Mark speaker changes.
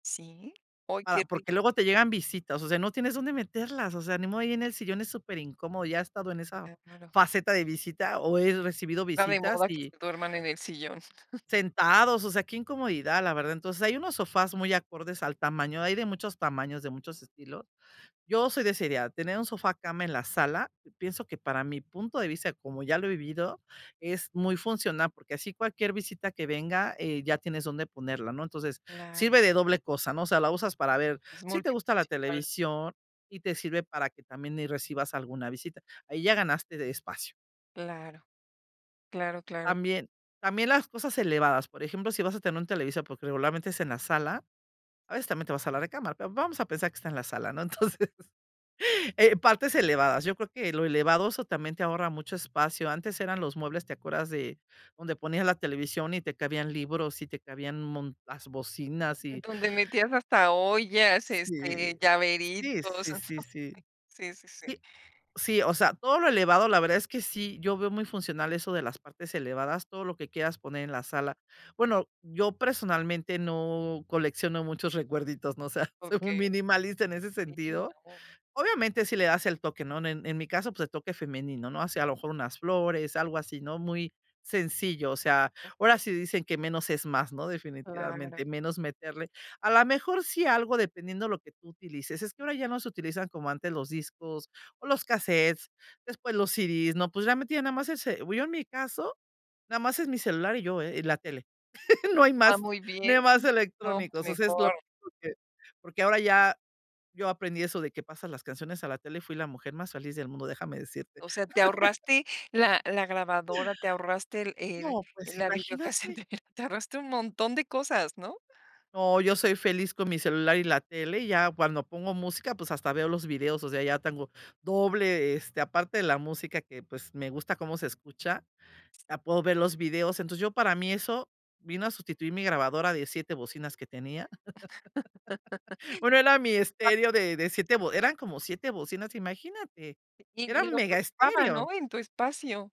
Speaker 1: ¿Sí? Uy, que
Speaker 2: Para
Speaker 1: ri
Speaker 2: porque luego te llegan visitas, o sea, no tienes dónde meterlas, o sea, ni modo, ahí en el sillón es super incómodo, ya he estado en esa
Speaker 1: Ah, claro.
Speaker 2: faceta de visita, o he recibido
Speaker 1: Esta de
Speaker 2: visitas
Speaker 1: moda que
Speaker 2: y
Speaker 1: se duerman en el sillón.
Speaker 2: sentados, o sea, qué incomodidad, la verdad. Entonces, hay unos sofás muy acordes al tamaño, hay de muchos tamaños, de muchos estilos. Yo soy de esa idea, tener un sofá cama en la sala, pienso que para mi punto de vista, como ya lo he vivido, es muy funcional, porque, así cualquier visita que venga, eh, ya tienes dónde ponerla, ¿no? Entonces,
Speaker 1: Claro.
Speaker 2: sirve de doble cosa, ¿no?, o sea, la usas para ver,
Speaker 1: Es
Speaker 2: sí te gusta la
Speaker 1: multifuncional.
Speaker 2: televisión y te sirve para que también ahí recibas alguna visita. Ahí ya ganaste de espacio.
Speaker 1: Claro, claro, claro.
Speaker 2: También también las cosas elevadas. Por ejemplo, si vas a tener un televisor, porque, regularmente es en la sala, a veces también te vas a la recámara, va vamos a pensar que está en la sala, ¿no?, entonces, eh, partes elevadas. Yo creo que lo elevado, eso también te ahorra mucho espacio. Antes eran los muebles, ¿te acuerdas de donde ponían la televisión y te cabían libros, y te cabían un mo las bocinas y
Speaker 1: Donde metías hasta ollas,
Speaker 2: sí,
Speaker 1: este,
Speaker 2: sí,
Speaker 1: llaveritos.
Speaker 2: sí, sí, sí.
Speaker 1: Sí, sí, sí.
Speaker 2: Sí, sí, o sea, todo lo elevado, la verdad es que sí, yo veo muy funcional eso de las partes elevadas, todo lo que quieras poner en la sala. Bueno, yo personalmente, no colecciono muchos recuerditos, no sé, soy muy
Speaker 1: Okey.
Speaker 2: minimalista en ese
Speaker 1: Si,
Speaker 2: sentido.
Speaker 1: no.
Speaker 2: Obviamente, sí le das el toque, ¿no? En en mi caso, pues, el toque femenino, ¿no?, o sea, a lo mejor unas flores, algo así, ¿no?, muy sencillo, o sea, ahora
Speaker 1: Okey.
Speaker 2: sí dicen que menos es más, ¿no?,
Speaker 1: Claro.
Speaker 2: definitivamente, menos meterle a la mejor, sí, algo, dependiendo lo que tú utilices. Es que ahora ya no se utilizan como antes los discos o los cassettes, después los CD's, ¿no? Pues, realmente nada más ese bu yo en mi caso nada más es mi celular y yo, eh, y la tele. No hay
Speaker 1: Ah,
Speaker 2: más,
Speaker 1: muy
Speaker 2: no
Speaker 1: bien.
Speaker 2: hay más
Speaker 1: No, pues,
Speaker 2: electrónicos, o sea, es lo
Speaker 1: mejor.
Speaker 2: que, porque, ahora ya yo aprendí eso de que pasan las canciones a la tele y fui la mujer más feliz del mundo, déjame decirte.
Speaker 1: O sea, te ahorraste la la grabadora, te ahorraste el
Speaker 2: No,
Speaker 1: el
Speaker 2: pues
Speaker 1: la
Speaker 2: imagínate.
Speaker 1: videocasetera, te ahorraste un montón de cosas, ¿no?
Speaker 2: No, yo soy feliz con mi celular y la tele, y ya cuando pongo música, pues, hasta veo los videos, o sea, ya tengo doble, este, aparte de la música que, pues, me gusta cómo se escucha,
Speaker 1: Sí.
Speaker 2: ya puedo ver los videos, entonces, yo para mí eso vino a sustituir mi grabadora de 7 bocinas que tenía. Bueno, era mi
Speaker 1: [unintelligible]
Speaker 2: estéreo de de 7, bo eran como 7 bocinas, imagínate,
Speaker 1: Y y
Speaker 2: era
Speaker 1: y
Speaker 2: un
Speaker 1: lo que
Speaker 2: mega
Speaker 1: ocupaba,
Speaker 2: estéreo.
Speaker 1: ¿no?, en tu espacio.